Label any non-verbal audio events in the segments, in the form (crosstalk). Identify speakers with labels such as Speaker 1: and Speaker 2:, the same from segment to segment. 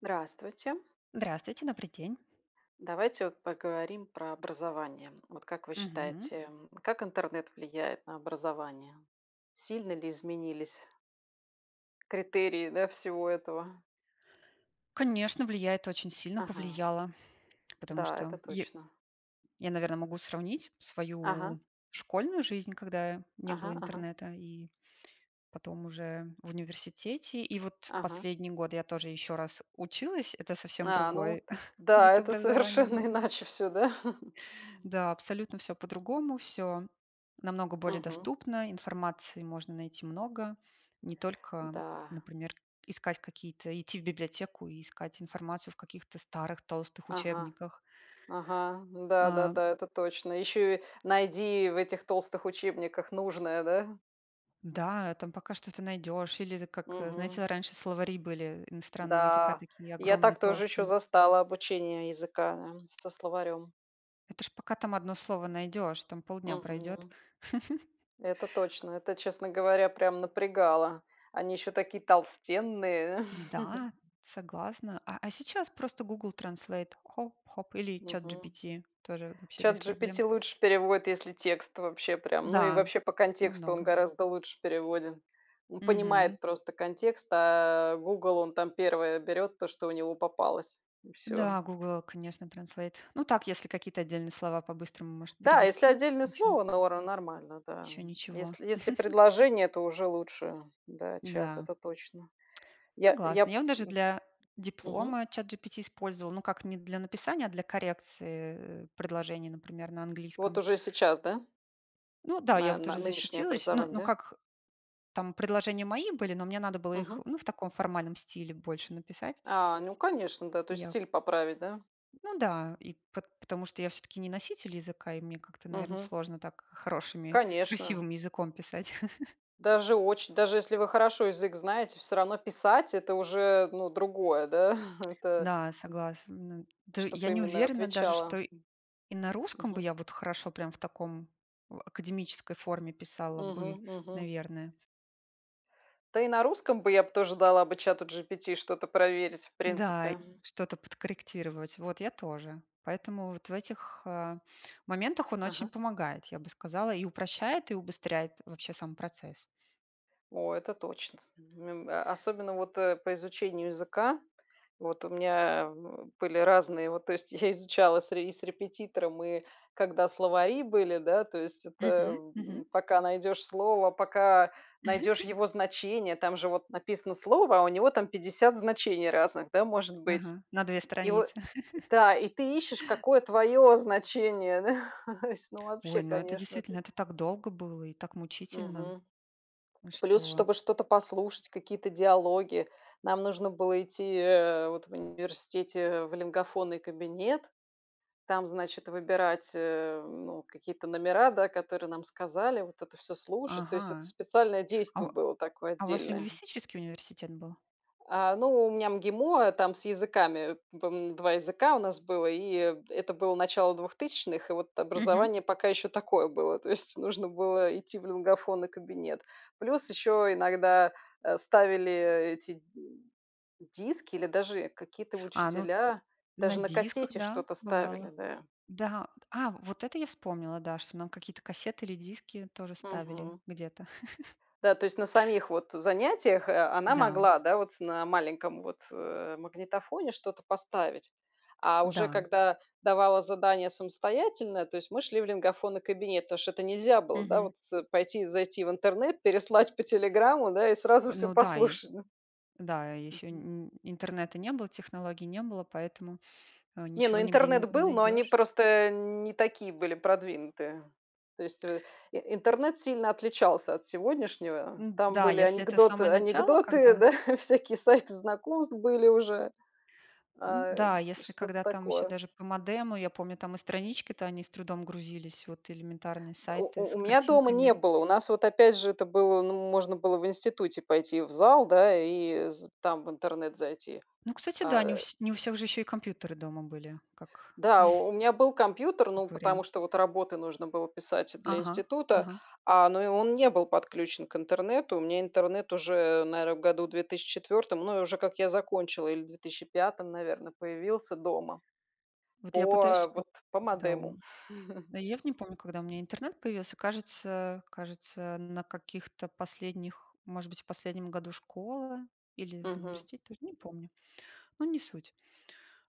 Speaker 1: Здравствуйте!
Speaker 2: Здравствуйте, добрый день!
Speaker 1: Давайте вот поговорим про образование. Вот как вы
Speaker 2: Мгм.
Speaker 1: считаете, м, как интернет влияет на образование? Сильно ли изменились критерии, да, всего этого.
Speaker 2: Конечно влияет! Очень сильно
Speaker 1: Ага.
Speaker 2: повлияло, потому
Speaker 1: Да, это
Speaker 2: что я
Speaker 1: точно.
Speaker 2: я, наверно, могу сравнить
Speaker 1: Ага.
Speaker 2: свою школьную жизнь, когда не было
Speaker 1: Ага ага.
Speaker 2: интернета, и потом уже в университете. И вот
Speaker 1: Ага.
Speaker 2: последний год я тоже еще раз училась. Это совсем
Speaker 1: А, ну
Speaker 2: другой (chuckles)
Speaker 1: да,
Speaker 2: вид
Speaker 1: это
Speaker 2: образования
Speaker 1: совершенно
Speaker 2: был.
Speaker 1: иначе всё, да? (chuckles)
Speaker 2: Да, абсолютно всё по-другому. Всё намного более
Speaker 1: Мгм.
Speaker 2: доступно. Информации можно найти много. Не только,
Speaker 1: Да.
Speaker 2: например, искать какие-то идти в библиотеку и искать информацию в каких-то старых толстых
Speaker 1: Ага.
Speaker 2: учебниках.
Speaker 1: Ага.
Speaker 2: А.
Speaker 1: Да-да-да, это точно. Еще и найди в этих толстых учебниках нужное, да?
Speaker 2: Да, там пока что-то найдешь. Или это как,
Speaker 1: Мгм.
Speaker 2: знаете, раньше словари были иностранного языка,
Speaker 1: Да,
Speaker 2: такие
Speaker 1: я
Speaker 2: огромные,
Speaker 1: так тоже еще
Speaker 2: толстые.
Speaker 1: застала обучение языка, э, со словарем.
Speaker 2: Это ж пока там 1 слово найдешь, там полдня пройдет.
Speaker 1: Мгм. Это
Speaker 2: (chuckles) А
Speaker 1: точно, это, честно говоря, прям напрягало. Они еще такие толстенные! (chuckles)
Speaker 2: Да, согласна. А а, сейчас просто Google Translate. Хоп-хоп. Или
Speaker 1: Мгм.
Speaker 2: ChatGPT. Тоже вообще без проблем.
Speaker 1: СhatGPT лучше переводит, если текст вообще прям, ну и
Speaker 2: Да,
Speaker 1: вообще по контексту он
Speaker 2: намного.
Speaker 1: гораздо лучше переводит. Он
Speaker 2: Мгм.
Speaker 1: понимает просто контекст, а, "Гугл", он там 1 берет то, что у него попалось и всё.
Speaker 2: Да, Google, конечно, Translate. Ну, так, если какие-то отдельные слова по-быстрому может
Speaker 1: Да, если
Speaker 2: перевести.
Speaker 1: отдельное
Speaker 2: Ничего.
Speaker 1: слово, нора нормально, да.
Speaker 2: Еще ничего.
Speaker 1: Если если
Speaker 2: (chuckles)
Speaker 1: предложение, то уже лучше, да, чат.
Speaker 2: Да.
Speaker 1: Это точно. Я
Speaker 2: Согласна.
Speaker 1: я
Speaker 2: Я вот даже
Speaker 1: м.
Speaker 2: для
Speaker 1: Мгм.
Speaker 2: диплома ChatGPT использовала. Ну, как не для написания, а для коррекции, э, предложений, например, на
Speaker 1: Вот
Speaker 2: английском.
Speaker 1: уже сейчас, да?
Speaker 2: Ну да, я
Speaker 1: На
Speaker 2: вот уже
Speaker 1: на нынешнее
Speaker 2: защитилась. Ну
Speaker 1: образование,
Speaker 2: ну,
Speaker 1: да?
Speaker 2: как, там предложения мои были, но мне надо было их,
Speaker 1: Мгм.
Speaker 2: ну, в таком формальном стиле больше написать.
Speaker 1: А, ну конечно, да. То
Speaker 2: И
Speaker 1: есть
Speaker 2: я
Speaker 1: стиль поправить, да?
Speaker 2: Ну да. И пот потому что я всё-таки не носитель языка и мне как-то, наверно,
Speaker 1: Мгм.
Speaker 2: сложно так хорошими,
Speaker 1: Конечно.
Speaker 2: красивым языком писать. (chuckles)
Speaker 1: Даже очень. Даже если вы хорошо язык знаете, всё равно писать- это уже, ну, другое да,? (chuckles) Это
Speaker 2: Да, согласна. Но д я
Speaker 1: Чтобы
Speaker 2: не
Speaker 1: именно
Speaker 2: уверена даже, что
Speaker 1: отвечало.
Speaker 2: и на русском бы
Speaker 1: Мгм.
Speaker 2: я вот хорошо прям в таком (grunts) академической форме писала бы,
Speaker 1: Мгм, мгм.
Speaker 2: наверное.
Speaker 1: Да, и на русском бы я б тоже дала бы "Чату GPT" что-то проверить, в
Speaker 2: Да и,
Speaker 1: принципе.
Speaker 2: что-то подкорректировать. Вот, я тоже. Поэтому вот в этих, а, моментах он очень
Speaker 1: Ага.
Speaker 2: помогает, я бы сказала, и упрощает, и убыстряет вообще сам процесс.
Speaker 1: О, это точно, (unintelligible) особенно вот, э, по изучению языка. Вот у меня, э, (grunts) были разные вот. То есть я изучала с ре и с репетитором, и когда словари были, да. То есть это
Speaker 2: Мгм.
Speaker 1: в
Speaker 2: Мгм.
Speaker 1: м пока найдешь слово, пока найдешь
Speaker 2: (chuckles)
Speaker 1: его значение, там же вот написано слово, а у него там 50 значений разных, да, может быть.
Speaker 2: Мгм. На две
Speaker 1: И во
Speaker 2: страницы. (chuckles)
Speaker 1: Да. И ты ищешь, какое твое значение, да. (chuckles) То есть ну вообще
Speaker 2: Ой, ну это
Speaker 1: конечно
Speaker 2: действительно,
Speaker 1: ты
Speaker 2: это так долго было и так мучительно,
Speaker 1: Мгм. Плюс,
Speaker 2: что
Speaker 1: чтобы что-то послушать, какие-то диалоги, нам нужно было идти, э, вот в университете в лингафонный кабинет, там, значит, выбирать, э, ну какие-то номера, да, которые нам сказали, вот это всё слушать. То есть, это
Speaker 2: Ага.
Speaker 1: специальное
Speaker 2: А
Speaker 1: действо
Speaker 2: у
Speaker 1: было такое
Speaker 2: а у вас
Speaker 1: отдельное.
Speaker 2: лингвистический университет был?
Speaker 1: А, ну, у меня МГИМО, там с языками. По-моему, 2 языка у нас было, и, э, это было начало двухтысячных, и вот
Speaker 2: Мгм.
Speaker 1: образование пока еще такое было, то есть нужно было идти в лингафонный кабинет. Плюс еще иногда, э, ставили, э, эти, диски или даже какие-то
Speaker 2: А, ну,
Speaker 1: учителя,
Speaker 2: на
Speaker 1: даже на
Speaker 2: дисках,
Speaker 1: кассете
Speaker 2: да,
Speaker 1: что-то ставили,
Speaker 2: бывало.
Speaker 1: да.
Speaker 2: Да вот! А, вот это я вспомнила, да, что нам какие-то кассеты или диски тоже ставили
Speaker 1: Мгм.
Speaker 2: где-то. (chuckles)
Speaker 1: Да. То есть, на самих вот занятиях, э, она
Speaker 2: Да.
Speaker 1: могла, да, вот на маленьком вот, э, магнитофоне что-то поставить. А уже
Speaker 2: Да.
Speaker 1: когда давала задание самостоятельное, то есть мы шли в лингафонный кабинет, потому что это нельзя было, да,
Speaker 2: Мгм.
Speaker 1: вот с пойти и зайти в интернет, переслать по "Телеграму" да и сразу всё
Speaker 2: Ну да и
Speaker 1: послушать, да.
Speaker 2: Да, и ещё
Speaker 1: Мгм.
Speaker 2: н н интернета не было, технологий не было, поэтому, э,
Speaker 1: Не, ну
Speaker 2: ничего, нигде не
Speaker 1: интернет был, но они
Speaker 2: найдешь.
Speaker 1: просто, э, не такие были продвинутые. То есть, э, и интернет сильно отличался от сегодняшнего. Там
Speaker 2: Н-да,
Speaker 1: были
Speaker 2: если это
Speaker 1: анекдот
Speaker 2: самое начало,
Speaker 1: анекдоты,
Speaker 2: когда
Speaker 1: да. (chuckles) Всякие сайты знакомств были уже, э,
Speaker 2: Н-да, если
Speaker 1: что-то
Speaker 2: когда там еще
Speaker 1: такое.
Speaker 2: даже по модему, я помню там и странички, то они с трудом грузились, вот элементарные
Speaker 1: У
Speaker 2: сайты
Speaker 1: у
Speaker 2: с
Speaker 1: у меня дома
Speaker 2: картинками.
Speaker 1: не было. У нас вот, опять же, это было ну можно было в институте пойти в зал, да, и з там в интернет зайти.
Speaker 2: Ну, кстати, да, не у
Speaker 1: А
Speaker 2: вс не у всех же еще и компьютеры дома были, как
Speaker 1: Да, у
Speaker 2: (chuckles)
Speaker 1: у меня был компьютер, ну
Speaker 2: как
Speaker 1: потому
Speaker 2: вариант.
Speaker 1: что вот работы нужно было писать для
Speaker 2: Ага.
Speaker 1: института,
Speaker 2: Ага.
Speaker 1: а, но и он не был подключен к интернету. У меня интернет уже, наверно, году в 2004, ну и уже как я закончила, или в две тыще пятом, наверно, появился дома
Speaker 2: Вот я пытаюсь
Speaker 1: по
Speaker 2: вспомнить,
Speaker 1: вот по
Speaker 2: когда у
Speaker 1: модему.
Speaker 2: м
Speaker 1: (chuckles)
Speaker 2: Но я вот не помню, когда у меня интернет появился, кажется кажется на каких-то последних, может быть, в последнем году школы или в
Speaker 1: Мгм.
Speaker 2: университете тоже, не помню. Но не суть.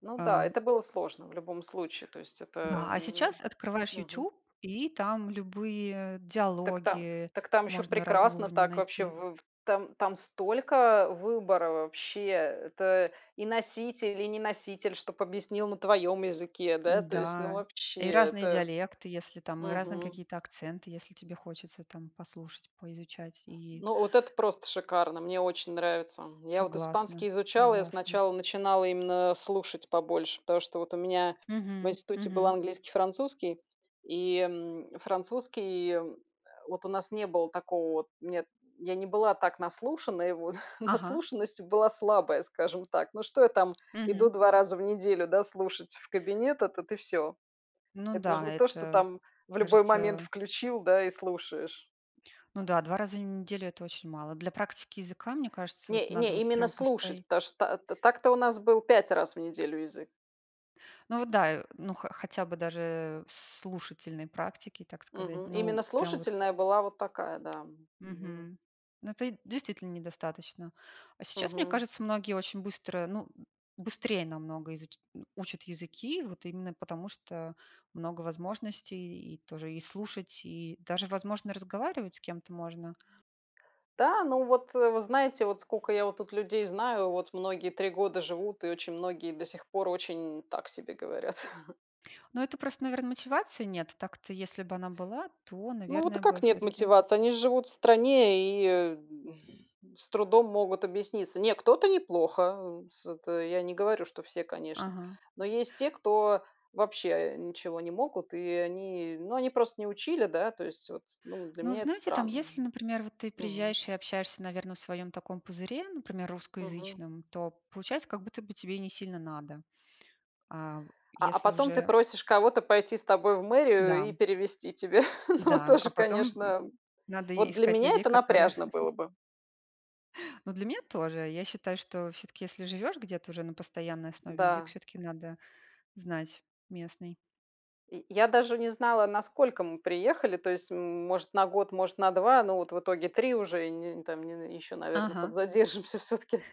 Speaker 1: Ну да,
Speaker 2: Э.
Speaker 1: это было сложно в любом случае. То есть это
Speaker 2: Да, а
Speaker 1: н
Speaker 2: сейчас открываешь
Speaker 1: Мгм.
Speaker 2: "Ютуб", и там любые
Speaker 1: Так та
Speaker 2: диалоги
Speaker 1: так там еще
Speaker 2: можно разного
Speaker 1: прекрасно,
Speaker 2: уровня
Speaker 1: так. Вообще.
Speaker 2: найти.
Speaker 1: В там там столько выбора вообще! Это и носитель, и не носитель, чтоб объяснил на твоем языке. Да, то есть ну
Speaker 2: Да,
Speaker 1: вообще.
Speaker 2: и разные
Speaker 1: Это
Speaker 2: диалекты, если там, и разные
Speaker 1: Мгм.
Speaker 2: какие-то акценты, если тебе хочется там послушать, поизучать. И
Speaker 1: Ну, вот это просто шикарно, мне очень нравится. Я вот
Speaker 2: Согласна.
Speaker 1: испанский изучала, я
Speaker 2: Согласна.
Speaker 1: сначала начинала именно слушать побольше, потому что вот у меня в
Speaker 2: Мгм,
Speaker 1: институте был
Speaker 2: мгм.
Speaker 1: английский и французский. И, м, французский и вот у нас не было такого вот нет, я не была так наслушана, его. (chuckles)
Speaker 2: Ага.
Speaker 1: Наслушанность была слабая, скажем так. Ну, что я там иду
Speaker 2: Мгм.
Speaker 1: 2 раза в неделю, да, слушать в кабинет, этот, и всё.
Speaker 2: Ну
Speaker 1: Это ж
Speaker 2: да,
Speaker 1: не то, что
Speaker 2: это,
Speaker 1: там в любой момент
Speaker 2: кажется
Speaker 1: включил, да, и слушаешь.
Speaker 2: Ну да, 2 раза в неделю- это очень мало. Для практики языка, мне кажется, вот
Speaker 1: Не
Speaker 2: надо
Speaker 1: не,
Speaker 2: вот
Speaker 1: именно
Speaker 2: прям
Speaker 1: слушать.
Speaker 2: постоя
Speaker 1: Потому что, э, та так-то у нас был 5 раз в неделю язык.
Speaker 2: Ну вот да, э. Ну, хо хотя бы даже в слушательной практике, так сказать.
Speaker 1: Мгм. Именно
Speaker 2: Ну, прям вот.
Speaker 1: слушательная была вот такая, да. Мгм.
Speaker 2: Мгм. Ну это и действительно недостаточно. А сейчас, мне
Speaker 1: Мгм.
Speaker 2: кажется, многие очень быстро, ну (grunts) быстрее намного изуч (grunts) учат языки, вот именно потому, что много возможностей. И тоже и слушать, и даже, возможно, разговаривать с кем-то можно.
Speaker 1: Да, ну вот, вы знаете, вот скока я вот тут людей знаю, вот многие 3 года живут, и очень многие до сих пор очень так себе говорят. (chuckles)
Speaker 2: Но это просто, наверно, мотивации нет. Так-то, если бы она была, то,
Speaker 1: Ну, вот, а
Speaker 2: наверное, бы
Speaker 1: как нет
Speaker 2: всё-таки
Speaker 1: мотивации? Они же живут в стране и, э, (exhales) с трудом могут объясниться. Не, кто-то неплохо, э, с это я не говорю, что все, конечно.
Speaker 2: Ага.
Speaker 1: Но есть те, кто вообще, э, ничего не могут, и они, ну они просто не учили, да, то есть, вот. Ну, для
Speaker 2: Ну, вы
Speaker 1: меня это
Speaker 2: знаете, там
Speaker 1: странно.
Speaker 2: если, например, вот ты
Speaker 1: Мгм.
Speaker 2: приезжаешь и общаешься, наверно, в своем таком пузыре, например,
Speaker 1: Мгм.
Speaker 2: русскоязычном, то получается как будто бы тебе и несильно надо. А в
Speaker 1: А а,
Speaker 2: если
Speaker 1: потом ты
Speaker 2: уже
Speaker 1: просишь кого-то пойти с тобой в
Speaker 2: Да,
Speaker 1: мэрию и
Speaker 2: м.
Speaker 1: перевести тебе. (chuckles) Ну,
Speaker 2: Да.
Speaker 1: тоже,
Speaker 2: А потом, м,
Speaker 1: конечно.
Speaker 2: надо и
Speaker 1: Вот, для
Speaker 2: искать
Speaker 1: меня
Speaker 2: людей,
Speaker 1: это
Speaker 2: которые
Speaker 1: напряжно
Speaker 2: (chuckles)
Speaker 1: было бы.
Speaker 2: Ну для меня тоже. Я считаю, что всё-таки, если живешь где-то уже на постоянной основе, язык
Speaker 1: Да.
Speaker 2: всё-таки надо знать местный.
Speaker 1: И я даже не знала, на сколько мы приехали, то есть, м может, на год, может, на два. Но вот в итоге 3 уже, и не там не еще, наверно,
Speaker 2: Ага.
Speaker 1: подзадержимся всё-таки.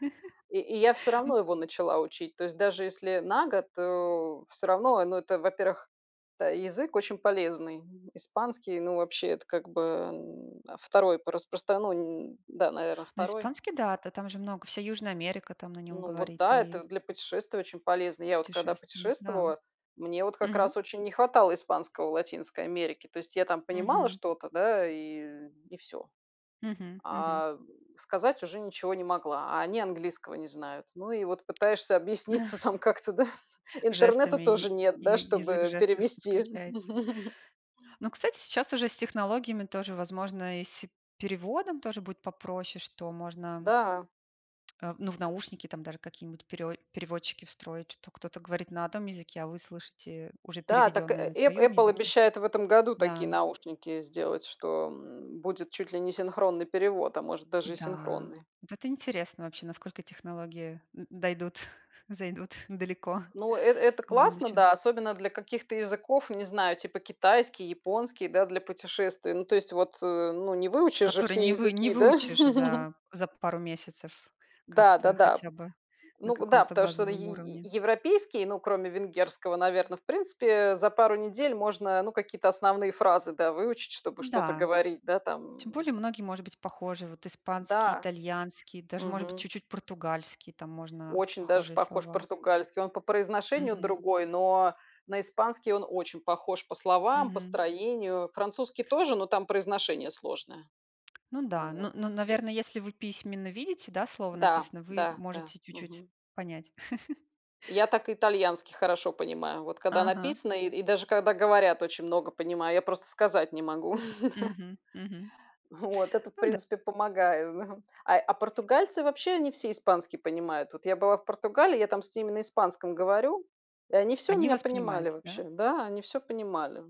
Speaker 1: И и я всё
Speaker 2: (chuckles) М
Speaker 1: равно его начала учить, то есть, даже если на год, э, всё равно. Э, ну, это, во-первых, это язык очень полезный. Испанский, ну вообще- это как-бы, м, 2 по распростра ну. Да, наверно,
Speaker 2: Ну,
Speaker 1: 2.
Speaker 2: испанский да, та там же много вся Южная Америка там на нем
Speaker 1: Ну, вот,
Speaker 2: говорит
Speaker 1: да.
Speaker 2: и
Speaker 1: Это для путешествий очень полезно. Я вот когда
Speaker 2: Путешествия, да.
Speaker 1: путешествовала, мне вот как
Speaker 2: Мгм.
Speaker 1: раз очень не хватало испанского в Латинской Америке. То есть я там понимала
Speaker 2: Мгм.
Speaker 1: что-то, да, и и всё.
Speaker 2: Мгм, мгм.
Speaker 1: А (grunts) сказать уже ничего не могла, а они английского не знают. Ну и вот пытаешься объясниться
Speaker 2: (chuckles)
Speaker 1: там как-то, да. Интернета
Speaker 2: Жестами, я
Speaker 1: тоже нет, да,
Speaker 2: я язык
Speaker 1: чтобы
Speaker 2: жестов
Speaker 1: перевести.
Speaker 2: подключается.
Speaker 1: (chuckles)
Speaker 2: Ну, кстати, сейчас уже с технологиями, тоже возможно, и с переводом тоже будет попроще, что можно
Speaker 1: Да.
Speaker 2: Э в ну в наушники там даже какие-нибудь перео переводчики встроить. Что кто-то говорит на одном языке, а вы слышите уже
Speaker 1: Да, так э
Speaker 2: переведенное на
Speaker 1: э эп
Speaker 2: своем
Speaker 1: "Эппл"
Speaker 2: языке.
Speaker 1: обещает в этом году такие
Speaker 2: Да.
Speaker 1: наушники сделать, что будет чуть ли не синхронный перевод, а может даже и
Speaker 2: Да.
Speaker 1: синхронный.
Speaker 2: Вот это интересно, вообще насколько технологии, э, дойдут, (chuckles) зайдут (chuckles) далеко (chuckles)
Speaker 1: Ну э это
Speaker 2: в
Speaker 1: классно,
Speaker 2: будущем.
Speaker 1: да, особенно для каких-то языков, не знаю, типа китайский, японский, да, для путешествий. Ну, то есть вот, э, ну не выучишь же
Speaker 2: Который
Speaker 1: все
Speaker 2: не вы не
Speaker 1: языки, да?
Speaker 2: выучишь
Speaker 1: (chuckles)
Speaker 2: за за пару месяцев как-то,
Speaker 1: Да-да-да.
Speaker 2: хотя бы на
Speaker 1: Ну да.
Speaker 2: каком-то
Speaker 1: Потому что е
Speaker 2: базовом
Speaker 1: е
Speaker 2: уровне.
Speaker 1: европейский, ну, кроме венгерского, наверно, в принципе, э, за пару недель можно, ну, какие-то основные фразы, да, выучить, чтобы что-то
Speaker 2: Да,
Speaker 1: говорить. Да,
Speaker 2: тем
Speaker 1: там
Speaker 2: более многие, может быть, похожи. Вот испанский,
Speaker 1: Да.
Speaker 2: итальянский, даже может быть
Speaker 1: Мгм.
Speaker 2: чуть-чуть португальский, там можно
Speaker 1: Очень даже
Speaker 2: похожие
Speaker 1: похож
Speaker 2: слова.
Speaker 1: португальский. Он по произношению
Speaker 2: Мгм.
Speaker 1: другой, но на испанский он очень похож по словам, по
Speaker 2: Мгм.
Speaker 1: строению. Французский тоже, но там произношение сложное.
Speaker 2: Ну да.
Speaker 1: Ну вот.
Speaker 2: Ну ну, наверное, если вы письменно видите, да, слово
Speaker 1: Да,
Speaker 2: написано, вы
Speaker 1: да, да.
Speaker 2: можете чуть-чуть
Speaker 1: Мгм.
Speaker 2: понять. (chuckles)
Speaker 1: Я так итальянский хорошо понимаю. Вот когда
Speaker 2: Ага.
Speaker 1: написано и и даже когда говорят очень много понимаю, я просто сказать не могу. (chuckles)
Speaker 2: Мгм, мгм.
Speaker 1: (chuckles) Вот это, в
Speaker 2: Ну да.
Speaker 1: принципе, помогает, да. А а португальцы вообще они все испанский понимают. Вот я была в Португалии, я там с ними на испанском говорю и они всё
Speaker 2: Они
Speaker 1: меня
Speaker 2: вас понимают,
Speaker 1: понимали
Speaker 2: да?
Speaker 1: вообще. Да, они всё понимали.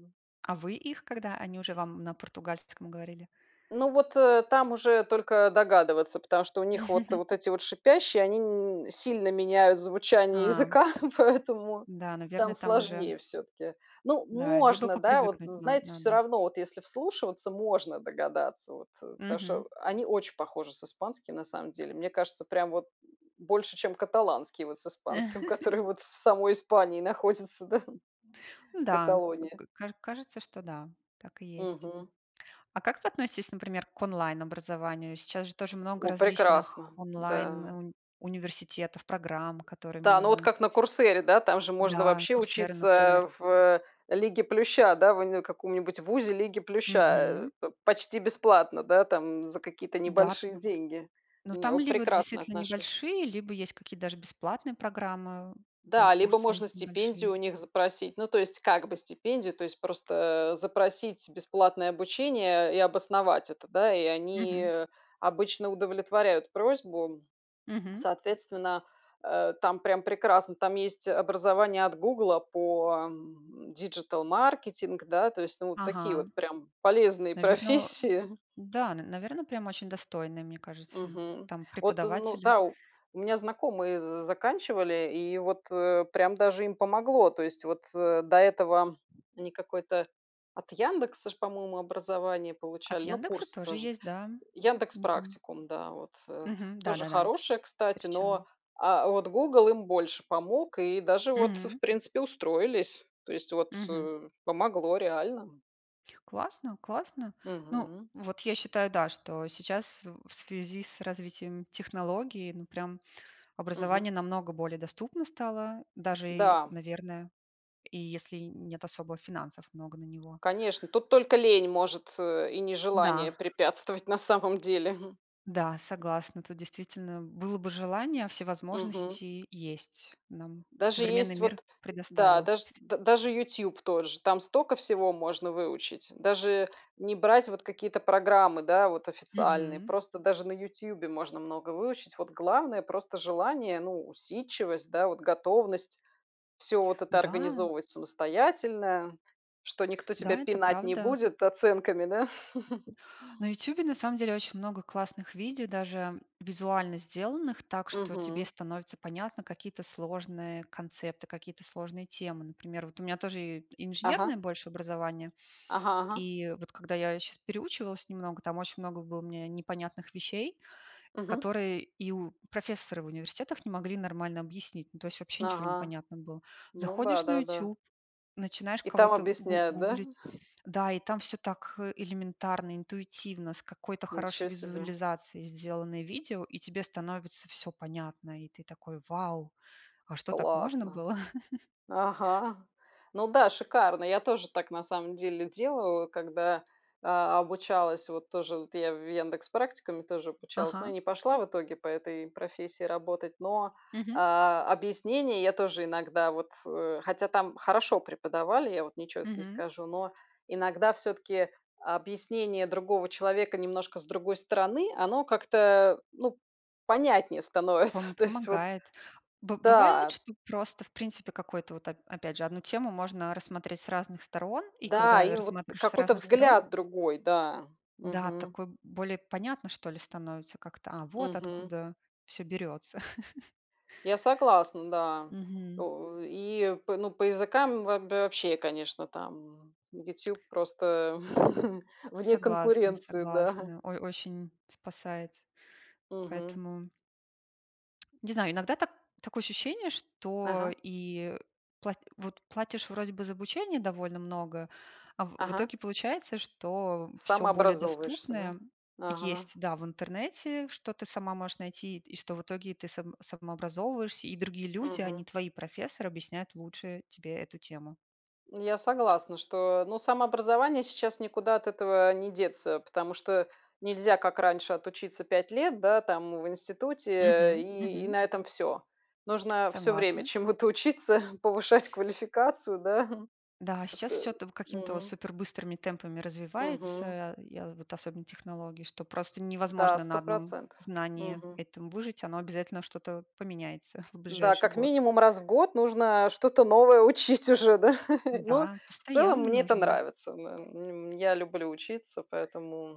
Speaker 2: А вы их, когда они уже вам на португальском говорили?
Speaker 1: Ну, вот, э, там уже только догадываться, потому что у них вот
Speaker 2: (chuckles)
Speaker 1: вот эти вот шипящие они н сильно меняют звучание
Speaker 2: А.
Speaker 1: языка, (chuckles) поэтому
Speaker 2: Да,
Speaker 1: там
Speaker 2: наверное, там уже
Speaker 1: сложнее всё-таки. Но
Speaker 2: Да. Либо
Speaker 1: можно, да? Вот,
Speaker 2: попривыкнуть на
Speaker 1: знаете, всё
Speaker 2: надо.
Speaker 1: равно, вот если вслушиваться, можно догадаться вот, потому
Speaker 2: Мгм.
Speaker 1: что они очень похожи с испанским, на самом деле. Мне кажется, прям вот (grunts) больше, чем каталонский вот с испанским, который
Speaker 2: (chuckles)
Speaker 1: вот в самой Испании находится, да.
Speaker 2: Ну да,
Speaker 1: Каталония.
Speaker 2: к к каж кажется, что да. Так и есть.
Speaker 1: Мгм.
Speaker 2: А как вы относитесь, например, к онлайн-образованию? Сейчас же тоже много
Speaker 1: О,
Speaker 2: различных
Speaker 1: прекрасно!
Speaker 2: онлайн
Speaker 1: Да.
Speaker 2: ун университетов, программ, которые
Speaker 1: Да! Ну вот
Speaker 2: можно
Speaker 1: как на "Курсере", да, там же можно
Speaker 2: Да,
Speaker 1: вообще
Speaker 2: Coursera,
Speaker 1: учиться,
Speaker 2: например.
Speaker 1: э, в "Лиге плюща", да, в уни в каком-нибудь ВУЗе "Лиги плюща",
Speaker 2: Мгм.
Speaker 1: э, п почти бесплатно, да, там за какие-то
Speaker 2: Да.
Speaker 1: небольшие деньги.
Speaker 2: Но
Speaker 1: Не
Speaker 2: там
Speaker 1: о
Speaker 2: либо
Speaker 1: прекрасно
Speaker 2: действительно
Speaker 1: отношусь.
Speaker 2: небольшие, либо есть какие-то даже бесплатные программы, там
Speaker 1: Да, либо
Speaker 2: курсы
Speaker 1: можно
Speaker 2: небольшие.
Speaker 1: стипендию у них запросить. Ну, то есть, как бы стипендию, то есть просто, э, запросить бесплатное обучение и обосновать это. Да, и они,
Speaker 2: Мгм.
Speaker 1: э, обычно удовлетворяют просьбу, (swallows)
Speaker 2: Мгм.
Speaker 1: соответственно, э, там прям прекрасно, там есть образование от "Гугла" по, м, диджитал-маркетинг, да, то есть, ну, вот такие
Speaker 2: Ага.
Speaker 1: вот прям полезные
Speaker 2: Наверно,
Speaker 1: профессии.
Speaker 2: да, н наверно, прям очень достойные, мне кажется,
Speaker 1: Мгм.
Speaker 2: там
Speaker 1: Вот, ну
Speaker 2: преподаватели.
Speaker 1: да. У у меня знакомые з заканчивали и вот, э, прям даже им помогло. То есть вот, э, до этого они какое-то от "Яндекса" ж, по-моему, образование
Speaker 2: От
Speaker 1: получали, ну,
Speaker 2: "Яндекса"
Speaker 1: курсы
Speaker 2: тоже
Speaker 1: тоже.
Speaker 2: есть, да.
Speaker 1: "Яндекс
Speaker 2: Не помню.
Speaker 1: Практикум", да, вот, э,
Speaker 2: Мгм.
Speaker 1: тоже
Speaker 2: Да-да-да.
Speaker 1: хорошая, кстати,
Speaker 2: Встречала.
Speaker 1: но, а, вот "Гугл" им больше помог и даже вот, в
Speaker 2: М.
Speaker 1: принципе, устроились, то есть, вот,
Speaker 2: Мгм.
Speaker 1: э, помогло реально.
Speaker 2: Классно, классно! Ну,
Speaker 1: Мгм.
Speaker 2: вот, я считаю, да, что сейчас, в в связи с развитием технологий, ну, прям
Speaker 1: Мгм.
Speaker 2: образование намного более доступно стало, даже, и,
Speaker 1: Да.
Speaker 2: наверное, и если нет особо финансов много на него.
Speaker 1: Конечно, тут только лень может, э, и
Speaker 2: Да.
Speaker 1: нежелание препятствовать, на самом деле. (chuckles)
Speaker 2: Да, согласна. Тут, действительно, было бы желание, а все
Speaker 1: Мгм.
Speaker 2: возможности есть. Нам
Speaker 1: Даже
Speaker 2: современный
Speaker 1: есть
Speaker 2: мир
Speaker 1: вот Да.
Speaker 2: предоставил.
Speaker 1: Даже д даже "Ютуб" тоже, там стока всего можно выучить. Даже не брать вот какие-то программы, да, вот официальные.
Speaker 2: Мгм.
Speaker 1: Просто даже на "Ютубе" можно много выучить. Вот главное- просто желание, ну, усидчивость, да, вот готовность всё вот это
Speaker 2: Да.
Speaker 1: организовывать самостоятельно, что никто тебя
Speaker 2: Да, это
Speaker 1: пинать не
Speaker 2: правда.
Speaker 1: будет оценками. Да? (chuckles)
Speaker 2: На "Ютубе" на самом деле очень много классных видео, даже визуально сделанных так, что тебе
Speaker 1: Мгм.
Speaker 2: становится понятно какие-то сложные концепты, какие-то сложные темы. Например, вот у меня тоже и инженерное
Speaker 1: Ага.
Speaker 2: больше образование.
Speaker 1: Ага ага.
Speaker 2: И вот когда я щас переучивалась немного, там очень много было мне непонятных вещей,
Speaker 1: Мгм.
Speaker 2: которые и у профессоры в университетах не могли нормально объяснить. Ну то есть, вообще ничего не
Speaker 1: Ага.
Speaker 2: понятно было.
Speaker 1: Ну
Speaker 2: Заходишь на
Speaker 1: да-да-да.
Speaker 2: "Ютуб", начинаешь
Speaker 1: И там
Speaker 2: кого-то гу
Speaker 1: объясняют, да?
Speaker 2: гуглить,
Speaker 1: (chuckles)
Speaker 2: да, и там всё так, э, элементарно, интуитивно, с какой-то
Speaker 1: Ничего
Speaker 2: хорошей
Speaker 1: себе.
Speaker 2: визуализацией сделаны видео и тебе становится всё понятно. И ты такой: "Вау! А что, так можно
Speaker 1: Классно!
Speaker 2: было?" (chuckles)
Speaker 1: Ага. Ну да, шикарно. Я тоже так на самом деле делаю, когда, а, обучалась вот тоже вот я в "Яндекс Практикуме", тоже обучалась. Но я
Speaker 2: Ага.
Speaker 1: не пошла в итоге по этой профессии работать. Но,
Speaker 2: Мгм.
Speaker 1: а а объяснение я тоже иногда, вот, э, хотя там хорошо преподавали, я вот ничего с не
Speaker 2: Мгм.
Speaker 1: скажу, но иногда, всё-таки, объяснение другого человека немножко с другой стороны- оно как-то, ну, понятнее
Speaker 2: Пом
Speaker 1: становится. То есть вот
Speaker 2: помогает. Бы бывает,
Speaker 1: Да.
Speaker 2: что просто, в принципе, какой-то. Вот, оп опять же, одну тему можно рассмотреть с разных сторон, и
Speaker 1: Да,
Speaker 2: когда, э,
Speaker 1: и вот
Speaker 2: рассматриваешь с
Speaker 1: какой-то
Speaker 2: разных сторон
Speaker 1: взгляд другой. Да.
Speaker 2: Да,
Speaker 1: Мгм.
Speaker 2: такой более понятно что ли становится как-то. А, вот
Speaker 1: Мгм.
Speaker 2: откуда всё берется! (chuckles)
Speaker 1: Я согласна, да.
Speaker 2: Мгм.
Speaker 1: У и по ну, по языкам вооб вообще, конечно, там "Ютуб" просто (chuckles) вне
Speaker 2: Согласна,
Speaker 1: конкуренции. Да. (chuckles)
Speaker 2: согласна. Ой, очень спасает!
Speaker 1: Мгм.
Speaker 2: Поэтому. Не знаю, иногда так такое ощущение, что
Speaker 1: Ага.
Speaker 2: и пла вот платишь вроде бы за обучение довольно много, а в в
Speaker 1: Ага.
Speaker 2: итоге получается, что всё более
Speaker 1: Самообразовываешься, да?
Speaker 2: доступное
Speaker 1: Ага.
Speaker 2: есть, да, в интернете, что ты сама можешь найти, и что в итоге ты сам самообразовываешься. И другие люди, а не
Speaker 1: Мгм.
Speaker 2: твои профессоры, объясняют лучше тебе эту тему.
Speaker 1: Я согласна, что, ну самообразование сейчас никуда от этого не деться. Потому что нельзя, как раньше, отучиться 5 лет, да, там в институте
Speaker 2: Мгм,
Speaker 1: и и
Speaker 2: мгм.
Speaker 1: на этом всё. Нужно всё время
Speaker 2: Согласна.
Speaker 1: чему-то учиться, повышать квалификацию. Да?
Speaker 2: Да,
Speaker 1: (chuckles)
Speaker 2: сейчас
Speaker 1: Вот.
Speaker 2: всё там какими-то вот
Speaker 1: Мгм.
Speaker 2: супер быстрыми темпами
Speaker 1: Мгм.
Speaker 2: развивается, я вот особенно технологии, что просто
Speaker 1: Да,
Speaker 2: невозможно на
Speaker 1: сто
Speaker 2: одном
Speaker 1: процентов.
Speaker 2: знании
Speaker 1: Мгм.
Speaker 2: этом выжить. Оно обязательно, что-то поменяется (chuckles) в
Speaker 1: Да,
Speaker 2: ближайший
Speaker 1: как
Speaker 2: год.
Speaker 1: минимум раз в год нужно, э, что-то новое учить уже, да? (chuckles) Но,
Speaker 2: Да,
Speaker 1: в целом,
Speaker 2: постоянно
Speaker 1: мне это
Speaker 2: нужно.
Speaker 1: нравится, да. Н м м я люблю учиться,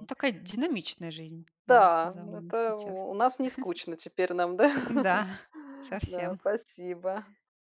Speaker 2: Ну такая динамичная жизнь, я бы
Speaker 1: Да.
Speaker 2: сказала, у нас
Speaker 1: Это,
Speaker 2: сейчас.
Speaker 1: у у нас
Speaker 2: (chuckles)
Speaker 1: нескучно теперь нам, да?
Speaker 2: Да,
Speaker 1: (chuckles)
Speaker 2: (chuckles)
Speaker 1: Да,
Speaker 2: совсем.
Speaker 1: спасибо!